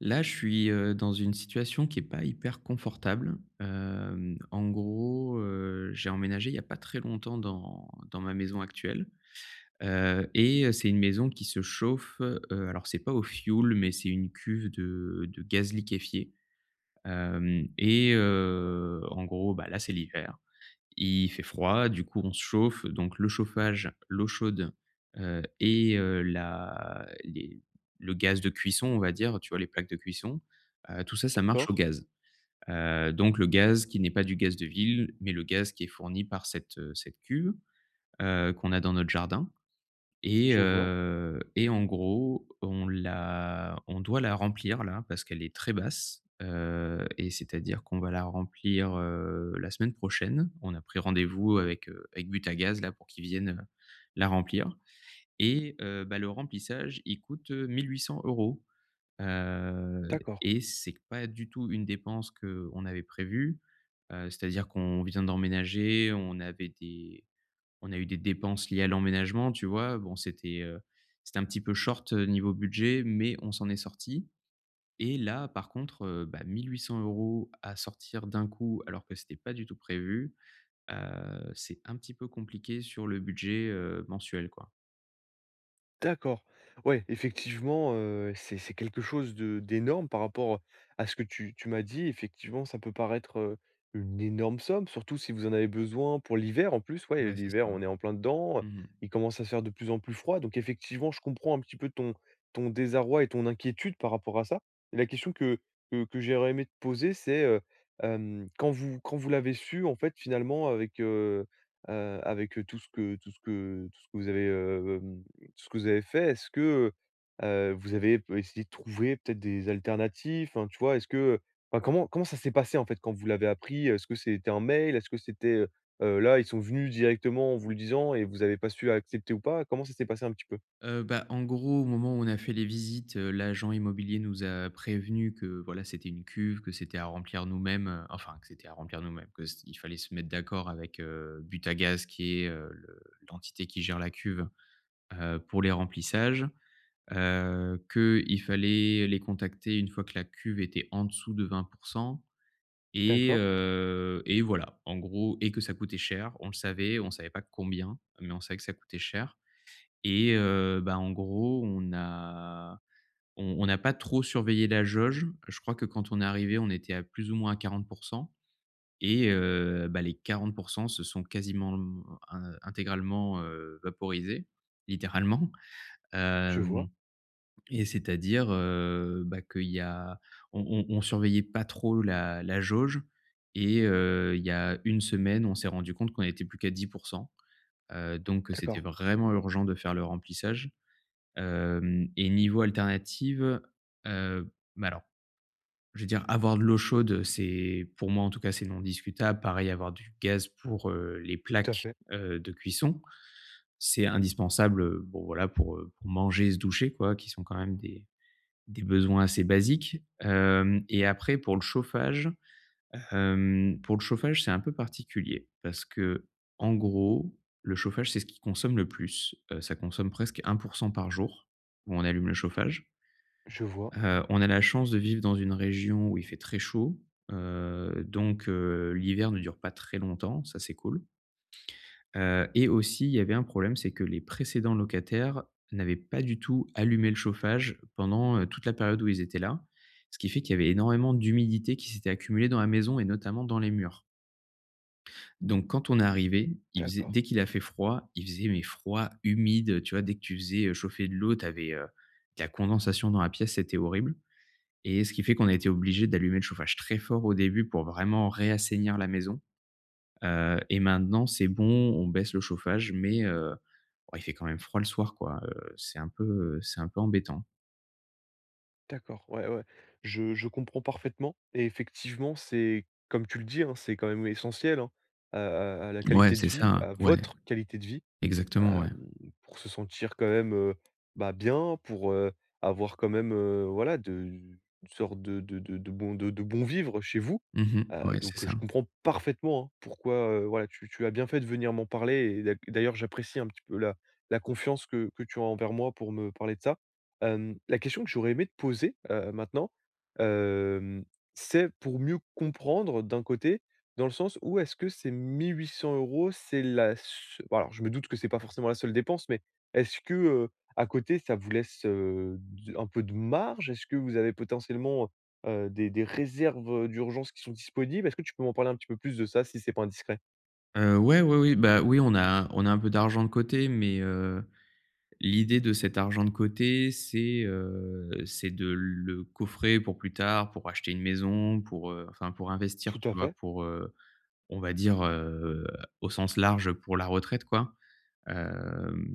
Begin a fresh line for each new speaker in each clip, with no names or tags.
Là je suis, heu, dans une situation qui est pas hyper confortable, hem, en gros, heu, j'ai emménagé il y a pas très longtemps dans dans ma maison actuelle, heu et heu, c'est une maison qui se chauffe, heu, alors c'est pas au fioul, mais c'est une cuve de de gaz liquéfié, hem et heu, en gros, bah, là, c'est l'hiver. Il fait froid, du coup on se chauffe, donc le chauffage, l'eau chaude, heu et heu, la les le gaz de cuisson, on va dire, tu vois, les plaques de cuisson, heu, tout ça ça marche au
D'accord.
gaz, heu, donc, le gaz qui n'est pas du gaz de ville mais le gaz qui est fourni par cette cette cuve, heu, qu'on a dans notre jardin et
Je vois.
heu, et en gros, on l'a on doit la remplir, là, parce qu'elle est très basse, heu et c'est-à-dire qu'on va la remplir, heu, la semaine prochaine. On a pris rendez-vous avec, heu, avec Butagaz, là, pour qu'ils viennent, heu, la remplir et, heu, bah, le remplissage, il coûte 1 800 €, heu
D'accord.
et c'est pas du tout une dépense qu'on avait prévue, heu, c'est-à-dire qu'on vient d'emménager, on avait des on a eu des dépenses liées à l'emménagement, tu vois. Bon, c'était, heu, c'était un petit peu short niveau budget mais on s'en est sortis et là, par contre, bah, 1 800 € à sortir d'un coup, alors que c'était pas du tout prévu, heu, c'est un petit peu compliqué sur le budget, heu, mensuel, quoi.
D'accord. Ouais, effectivement, heu, c'est c'est quelque chose de d'énorme par rapport à ce que tu tu m'as dit. Effectivement, ça peut paraître, heu, une énorme somme. Surtout si vous en avez besoin pour l'hiver. En plus, ouais et
Ouais, c'est ça.
l'hiver, on est en plein dedans.
Mmh mh.
Il commence à se faire de plus en plus froid. Donc effectivement, je comprends, un petit peu, ton ton désarroi et ton inquiétude par rapport à ça. La question que que que j'aurais aimé te poser, c'est, heu, hem, quand vous quand vous l'avez su, en fait, finalement, avec, heu heu, avec tout ce que tout ce que tout ce que vous avez, heu, hem, ce que vous avez fait, est ce que, heu heu, vous avez p essayé de trouver, peut-être, des alternatives? Enfin, tu vois, est ce que, heu, enfin, comment comment ça s'est passé, en fait, quand vous l'avez appris? Heu, est ce que c'était un mail? Est ce que c'était, heu heu, là, ils sont venus directement en vous le disant et vous avez pas su a accepter ou pas? Comment ça s'est passé un petit peu?
Heu bah, en gros, au moment où on a fait les visites, heu, l'agent immobilier nous a prévenus que, voilà, c'était une cuve, que c'était à remplir nous-mêmes, enfin, que c'était à remplir nous-mêmes, que c il fallait se mettre d'accord avec, heu, Butagaz qui est, heu, le l'entité qui gère la cuve, heu, pour les remplissages, heu, qu'il fallait les contacter une fois que la cuve était en dessous de 20 % et
D'accord.
heu et voilà, en gros et que ça coûtait cher. On le savait. On savait pas combien mais on savait que ça coûtait cher et heu, ben, en gros, on a on on n'a pas trop surveillé la jauge. Je crois que quand on est arrivés, on était à plus ou moins à 40 % et heu, ben, les 40 % se sont quasiment, mmh, in intégralement, heu, vaporisés, littéralement.
Je
Hem
vois.
et c'est-à-dire, heu, bah, qu'il y a on on on surveillait pas trop la la jauge et heu, il y a 1 semaine, on s'est rendus compte qu'on était plus qu'à 10 %. Heu donc que c'était
D'accord.
vraiment urgent de faire le remplissage. Hem et niveau alternatives, heu bah, alors, je veux dire avoir de l'eau chaude, heu, c'est, pour moi, en tout cas, c'est non discutable, pareil, avoir du gaz pour, heu, les
Tout à
plaques,
fait.
heu, de cuisson. C'est indispensable, heu, bon, voilà, pour, heu, pour manger et se doucher, quoi, qui sont, quand même, des des besoins assez basiques. Hem et après pour le chauffage, hem, pour le chauffage, c'est un peu particulier parce qu'en gros, le chauffage, c'est ce qui consomme le plus. Heu, ça consomme presque 1 % par jour, où on allume le chauffage.
Je vois.
Heu, on a la chance de vivre dans une région où il fait très chaud. Heu donc heu, l'hiver ne dure pas très longtemps. Ça, c'est cool. Heu et aussi, il y avait un problème, c'est que les précédents locataires n'avaient pas du tout allumé le chauffage pendant, heu, toute la période où ils étaient là. Ce qui fait qu'il y avait énormément d'humidité qui s'était accumulée dans la maison et notamment dans les murs. Donc quand on est arrivés, il faisait
D'accord.
dès qu'il a fait froid, il faisait mais froid, humide, heu, tu vois? Dès que tu faisais, heu, chauffer de l'eau, tu avais, heu, de la condensation dans la pièce, c'était horrible et ce qui fait qu'on a été obligés d'allumer le chauffage très fort, au début, pour vraiment réassainir la maison, heu et maintenant, c'est bon. On baisse le chauffage mais heu, ouais, il fait quand même froid le soir, quoi, heu, c'est un peu, heu, c'est un peu embêtant.
D'accord, ouais, ouais. Je je comprends parfaitement et effectivement, c'est comme tu le dis, hein, c'est quand même essentiel, hein, à à à la
Ouais,
qualité de
c'est
vie,
ça,
à
ouais.
votre qualité de vie,
Exactement, ouais.
hem, pour se sentir, quand même, heu, bah, bien, pour, heu, avoir quand même, heu, voilà, de une sorte de de de de bon de de bon vivre chez vous,
Mmh mh,
heu,
ouais, c'est
donc heu,
ça.
je comprends parfaitement, hein, pourquoi, heu, voilà, tu tu as bien fait de venir m'en parler et d'a d'ailleurs, j'apprécie un petit peu la la confiance que que tu as envers moi pour me parler de ça, hem, la question que j'aurais aimé te poser, heu, maintenant, hem, c'est pour mieux comprendre d'un côté, dans le sens où, est-ce que ces 1 800 €, c'est la seu bon, alors, je me doute que c'est pas forcément la seule dépense mais est-ce que, heu, à côté, ça vous laisse, heu, du un peu de marge? Est-ce que vous avez potentiellement, heu heu, des des réserves d'urgence qui sont disponibles? Est-ce que tu peux m'en parler un petit peu plus de ça si c'est pas indiscret?
Heu, ouais, oui, oui. Bah, oui, on a on a un peu d'argent de côté mais, heu, l'idée de cet argent de côté, c'est, heu, c'est de le coffrer pour plus tard, pour acheter une maison, pour, heu, enfin, pour investir,
Tout
tu
à
vois,
fait.
pour, heu, on va dire, heu, au sens large, pour la retraite, quoi, hem,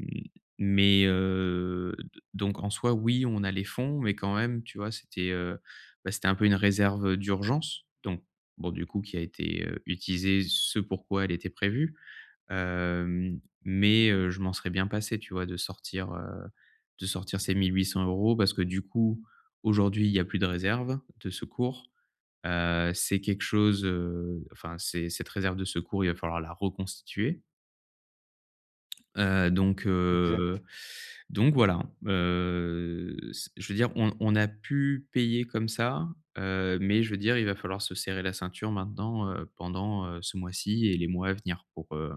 mais, heu, d donc, en soi, oui, on a les fonds mais quand même, tu vois, c'était, heu, bah, c'était un peu une réserve, heu, d'urgence donc bon, du coup, qui a été, heu, utilisée ce pourquoi elle était prévue, hem, mais heu, je m'en serais bien passé, tu vois, de sortir, heu, de sortir ces 1 800€ parce que, du coup, aujourd'hui, il y a plus de réserve de secours, heu, c'est quelque chose, heu, enfin, c'est cette réserve de secours, il va falloir la reconstituer heu, donc
Exact.
heu, donc voilà, heu, c je veux dire on on a pu payer comme ça, heu, mais je veux dire il va falloir se serrer la ceinture maintenant, heu, pendant, heu, ce mois-ci et les mois à venir pour, heu,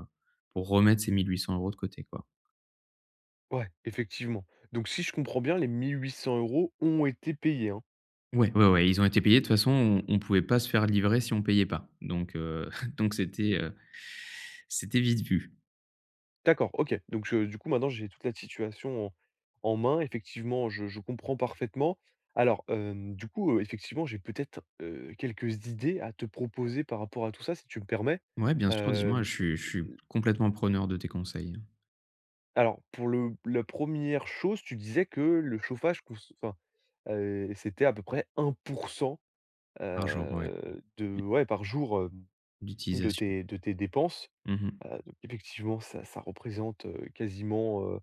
pour remettre ces 1 800€ de côté, quoi.
Ouais, effectivement. Donc si je comprends bien, les 1 800 € ont été payés, hein?
Ouais, ouais, ouais, ils ont été payés. De toute façon, on on pouvait pas se faire livrer si on payait pas. Donc heu, donc c'était, heu, c'était vite vu.
D'accord, OK, donc je du coup, maintenant, j'ai toute la situation en en main. Effectivement, je je comprends parfaitement. Alors, hem, du coup, heu, effectivement, j'ai peut-être, heu, quelques idées à te proposer par rapport à tout ça, si tu me permets?
Ouais, bien sûr, dis-moi.
Hem,
Je suis je suis
heu
complètement preneur de tes conseils.
Alors, pour le la 1re chose, tu disais que le chauffage coûte enfin, heu, c'était à peu près 1 %,
Par jour, ouais.
heu,
I
de, ouais, par jour, hem, de
D'utilisation.
tes de tes dépenses.
Mmh mh.
Heu donc, effectivement, ça ça représente, heu, quasiment, heu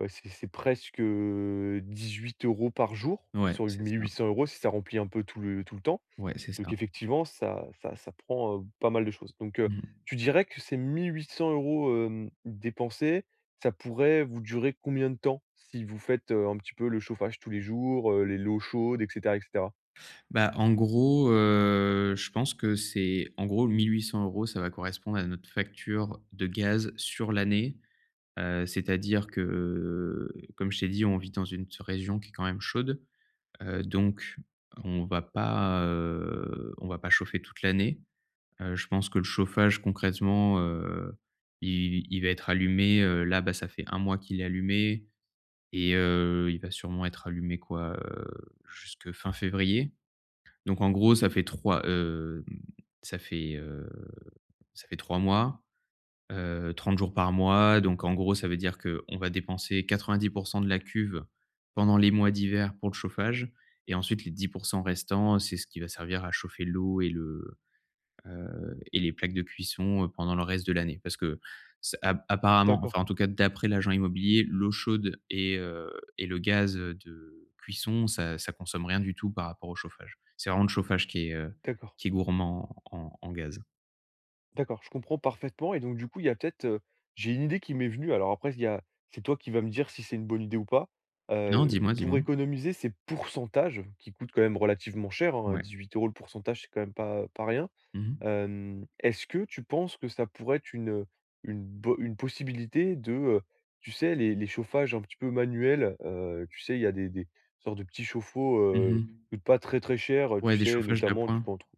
heu, c'est c'est presque, heu, 18 € par jour,
Ouais,
sur les
c'est
mille
ça.
huit cents euros, si ça remplit un peu tout le tout le temps.
Ouais, c'est
Donc
ça.
effectivement ça ça ça prend, heu, pas mal de choses. Donc heu,
Mmh mh.
tu dirais que ces 1 800 €, hem, dépensés, ça pourrait vous durer combien de temps, si vous faites, heu, un petit peu, le chauffage tous les jours, heu, les l'eau chaude et cetera et cetera?
Bah, en gros, heu, je pense que c'est en gros, 1 800 €, ça va correspondre à notre facture de gaz sur l'année, heu, c'est-à-dire que, comme je t'ai dit, on vit dans une s région qui est quand même chaude, heu donc on va pas, heu, on va pas chauffer toute l'année. Heu, je pense que le chauffage, concrètement, heu, il il va être allumé, heu, là, bah, ça fait 1 mois qu'il est allumé et heu, il va sûrement être allumé, quoi? Heu, jusque fin février. Donc en gros, ça fait 3, hem, ça fait, heu, ça fait 3 mois, heu, 30 jours par mois donc en gros, ça veut dire qu'on va dépenser 90 % de la cuve pendant les mois d'hiver pour le chauffage et ensuite, les 10 % restants, c'est ce qui va servir à chauffer l'eau et le, heu et les plaques de cuisson, heu, pendant le reste de l'année. Parce que, ce ap apparemment, enfin,
D'accord.
en tout cas, d'après l'agent immobilier, l'eau chaude et heu et le gaz, heu, de cuisson ça ça consomme rien du tout par rapport au chauffage. C'est vraiment le chauffage qui est, heu,
D'accord.
qui est gourmand en en gaz.
D'accord, je comprends parfaitement et donc du coup, il y a peut-être, heu, j'ai une idée qui m'est venue. Alors, après il y a c'est toi qui va me dire si c'est une bonne idée ou pas,
Non,
heu,
dis-moi, dis-moi.
pour économiser ces pourcentages qui coûtent quand même relativement cher, hein.
Ouais.
18 €, le pourcentage, c'est quand même pas pas rien.
Mmh mh.
Hem, est-ce que tu penses que ça pourrait être une une bo une possibilité de, heu, tu sais, les les chauffages un petit peu manuels? Heu, tu sais, il y a des des sortes de petits chauffe-eau,
Mmh
heu,
mh.
qui coûtent pas très, très cher, heu, tu
Ouais, des
sais,
chauffages
notamment, tu
d'appoint.
peux en trou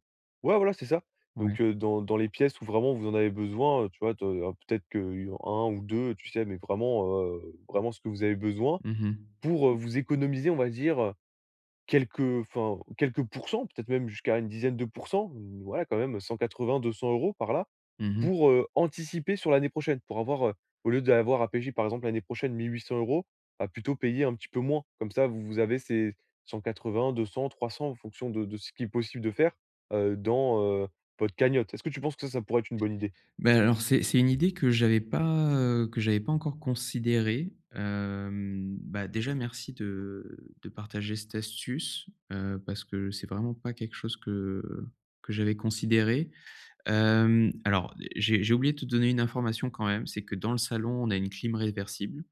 ouais, voilà c'est ça!
Ouais.
Donc heu, dans dans les pièces où vraiment vous en avez besoin, heu, tu vois, de alors peut-être que 1 ou 2, tu sais mais vraiment, heu, vraiment ce que vous avez besoin,
Mmh mh.
pour, heu, vous économiser, on va dire, heu, quelques enfin, quelques pourcents, peut-être même jusqu'à une dizaine de pourcents. Mmh voilà, quand même, heu, 180-200 €, par là,
Mmh mh.
pour, heu, anticiper sur l'année prochaine, pour avoir, heu, au lieu d'avoir à payer, par exemple, l'année prochaine, 1 800 €, bah, plutôt payer un petit peu moins. Comme ça, vous vous avez ces 180, 200, 300, en fonction de de ce qui est possible de faire, heu, dans, heu, votre cagnotte. Est-ce que tu penses que ça, ça pourrait être une bonne idée?
Beh, alors, c'est c'est une idée que j'avais pas, heu, que j'avais pas encore considérée, hem, bah, déjà, merci de de partager cette astuce, heu, parce que c'est vraiment pas quelque chose que que j'avais considéré. Hem, alors j'ai j'ai oublié te donner une information quand même, c'est que, dans le salon, on a une clim réversible,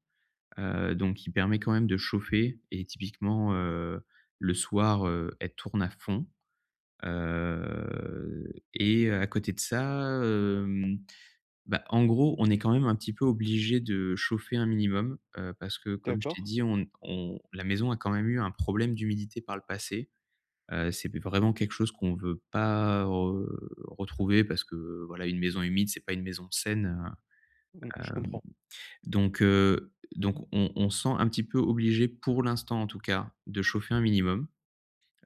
heu donc qui permet, quand même, de chauffer et typiquement, heu, le soir, heu, elle tourne à fond. Heu et à côté de ça, hem, bah, en gros, on est quand même un petit peu obligés de chauffer un minimum, heu, parce que, comme je t'ai
D'accord.
dit, on ne on la maison a quand même eu un problème d'humidité par le passé. Heu, c'est vraiment quelque chose qu'on veut pas re retrouver parce que, voilà, une maison humide, c'est pas une maison saine,
Mmh,
heu,
je
hem
comprends.
donc heu donc on on se sent un petit peu obligés, pour l'instant, en tout cas, de chauffer un minimum,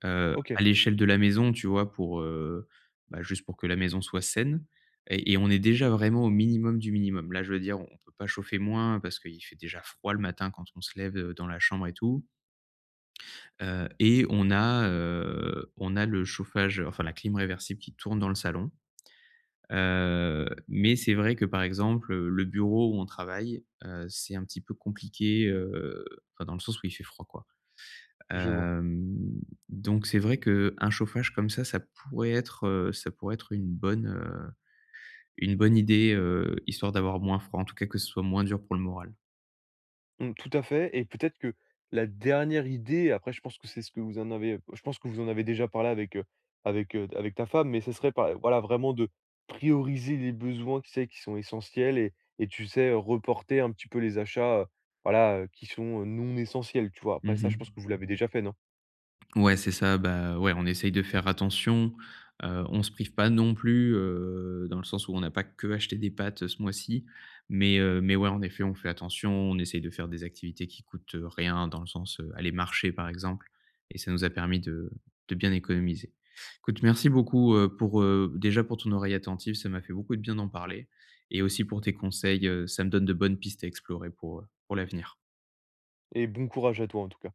heu,
OK.
à l'échelle de la maison, tu vois, pour, heu bah, juste pour que la maison soit saine et et on est déjà vraiment au minimum du minimum. Là, je veux dire, on on peut pas chauffer moins, parce qu'il fait déjà froid le matin quand on se lève, heu, dans la chambre et tout heu et on a, heu, on a le chauffage, enfin, la clim réversible qui tourne dans le salon. Heu mais c'est vrai que, par exemple, le bureau où on travaille, heu, c'est un petit peu compliqué, heu, enfin, dans le sens où il fait froid, quoi.
Je vois.
Hem donc c'est vrai qu'un chauffage comme ça, ça pourrait être, heu, ça pourrait être une bonne, heu, une bonne idée, heu, histoire d'avoir moins froid, en tout cas, que ce soit moins dur pour le moral.
Mmh, tout à fait et peut-être que la dernière idée, après je pense que c'est ce que vous en avez je pense que vous en avez déjà parlé avec, heu, avec, heu, avec ta femme mais ce serait par voilà, vraiment de prioriser les besoins, tu sais, qui sont essentiels et et tu sais, heu, reporter un petit peu les achats, heu, voilà, heu, qui sont, heu, non essentiels, tu vois?
Mmh
Après ça, je pense
mh.
que vous l'avez déjà fait non?
Ouais, c'est ça. Bah, ouais, on essaye de faire attention. Heu, on se prive pas non plus, heu, dans le sens où on a pas que acheté des pâtes, heu, ce mois-ci. Mais heu mais ouais, en effet, on fait attention. On essaye de faire des activités qui coûtent, heu, rien, dans le sens, heu, aller marcher, par exemple et ça nous a permis de de bien économiser. Écoute, merci beaucoup, heu, pour, heu, déjà pour ton oreille attentive. Ça m'a fait beaucoup de bien d'en parler et aussi pour tes conseils. Heu, ça me donne de bonnes pistes à explorer pour, heu, pour l'avenir.
Et bon courage à toi, en tout cas!